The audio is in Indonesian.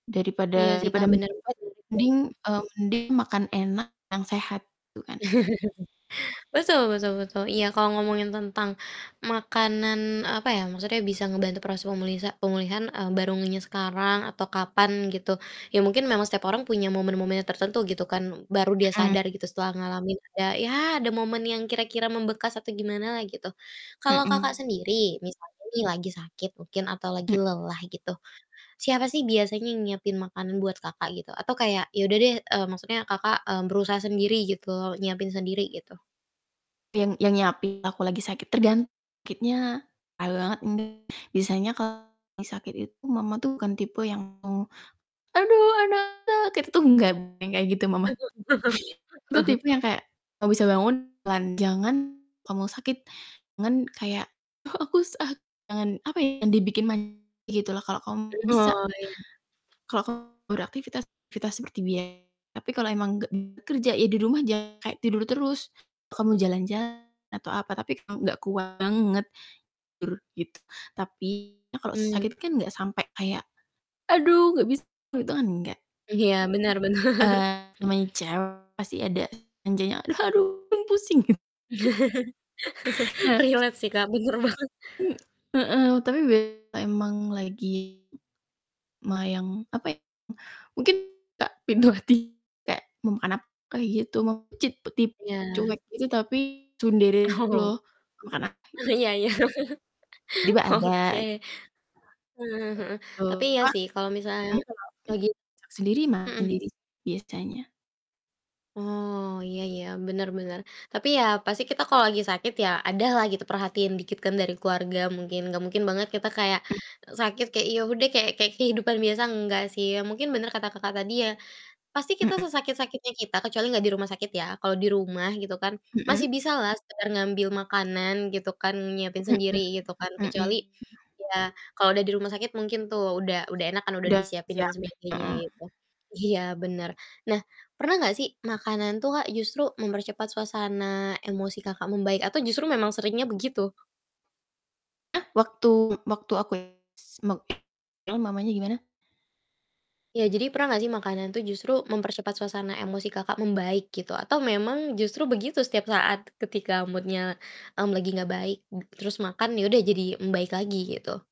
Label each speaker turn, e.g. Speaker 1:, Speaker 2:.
Speaker 1: Iya
Speaker 2: Daripada
Speaker 1: sih, Kak,
Speaker 2: daripada
Speaker 1: bener sih,
Speaker 2: [unintelligible]
Speaker 1: betul.
Speaker 2: mending eee, mending makan enak, yang sehat, gitu kan.
Speaker 1: Betul betul betul. Iya, kalo ngomongin tentang makanan, apa ya, maksudnya bisa ngebantu proses pemulisa pemulihan, eee, baru ngehnya sekarang atau kapan, gitu. Ya mungkin memang setiap orang punya momen-momennya tertentu, gitu kan. Baru dia
Speaker 2: Mhm.
Speaker 1: sadar gitu, setelah ngalamin, ada ya ada momen yang kira-kira membekas atau gimanalah, gitu. Kalau Kakak
Speaker 2: Mhm.
Speaker 1: sendiri misalnya nih, lagi sakit mungkin atau lagi
Speaker 2: M
Speaker 1: lelah gitu, siapa sih biasanya yang nyiapin makanan buat Kakak gitu? Atau kayak ya udah deh, eee, maksudnya Kakak, eee, berusaha sendiri gitu loh, nyiapin sendiri, gitu.
Speaker 2: Yang yang nyiapin aku lagi sakit, tergan sakitnya, [unintelligible] banget ini. Biasanya kalo lagi sakit itu mama tuh bukan tipe yang ngomong, "Aduh, anak-anak", itu tuh nggak, bukan kayak gitu mamaku itu tipe yang kayak, kalo bisa bangun, jalan, jangan ngomong sakit, jangan kayak, "Ah aku sakit," jangan, apa ya, dibikin manja, gitu lah, kalo kamu
Speaker 1: Mmm,
Speaker 2: bisa
Speaker 1: oh, iya.
Speaker 2: kalau kamu beraktivitas, aktivitas seperti bia tapi kalo emang gak kerja ya, di rumah jangan kayak tidur terus, kamu jalan-jalan atau apa, tapi gak kuat banget, tur gitu. Tapi kalo
Speaker 1: Mmm.
Speaker 2: sakit kan gak sampe kayak, "Aduh gak bisa," itu kan enggak.
Speaker 1: Iya, bener bener.
Speaker 2: Eee, namanya cewek pasti ada manjanya. "Aduh, aduh, pusing." Nah
Speaker 1: Relate sih, Kak, bener banget.
Speaker 2: M heeh, tapi biasanya emang lagi m me yang, apa ya, mungkin gak pintu hati kayak, "Mau makan apa?" Kayak gitu. Ma cit tip cuek
Speaker 1: Iya.
Speaker 2: gitu, tapi tsundere gitu
Speaker 1: Oh.
Speaker 2: loh. "Mau makan apa?"
Speaker 1: Eh,
Speaker 2: Gitu.
Speaker 1: Iya iya.
Speaker 2: Tiba
Speaker 1: Oke.
Speaker 2: ada.
Speaker 1: Heeh
Speaker 2: Kayak
Speaker 1: heeh,
Speaker 2: gitu
Speaker 1: tapi iya
Speaker 2: Kak,
Speaker 1: sih, kalau misalnya
Speaker 2: emang kenap
Speaker 1: lagi
Speaker 2: suap sendiri, makan
Speaker 1: mhm.
Speaker 2: sendiri, biasanya.
Speaker 1: Oh, iya iya, bener bener, tapi ya, pasti kita kalo lagi sakit, ya adalah gitu perhatian dikit kan, dari keluarga mungkin, gak mungkin banget kita kayak
Speaker 2: Mmm.
Speaker 1: sakit, kayak ya udah, kayak kayak kehidupan biasa, nggak sih ya, mungkin bener kata Kakak tadi ya, pasti kita
Speaker 2: Mhm.
Speaker 1: sesakit-sakitnya kita, kecuali gak di rumah sakit ya, kalo di rumah gitu kan masih
Speaker 2: Mhm.
Speaker 1: bisalah sekedar ngambil makanan, gitu kan, nyiapin sendiri
Speaker 2: Mhm.
Speaker 1: gitu kan, kecuali
Speaker 2: Mhm.
Speaker 1: ya kalau udah di rumah sakit, mungkin tuh udah udah enak kan, udah
Speaker 2: Udah
Speaker 1: disiapin dan
Speaker 2: siapin.
Speaker 1: sebagainya,
Speaker 2: Mhm.
Speaker 1: gitu. Iya, bener. Nah, pernah gak sih makanan tuh, Kak, justru mempercepat suasana emosi Kakak membaik atau justru memang seringnya begitu?
Speaker 2: Eh, waktu waktu aku [unintelligible] emang mamanya gimana?
Speaker 1: Ya, jadi pernah gak sih makanan tuh justru mempercepat suasana emosi Kakak membaik gitu, atau memang justru begitu setiap saat ketika mood-nya, mmm, lagi gak baik m terus makan ya udah, jadi membaik lagi, gitu?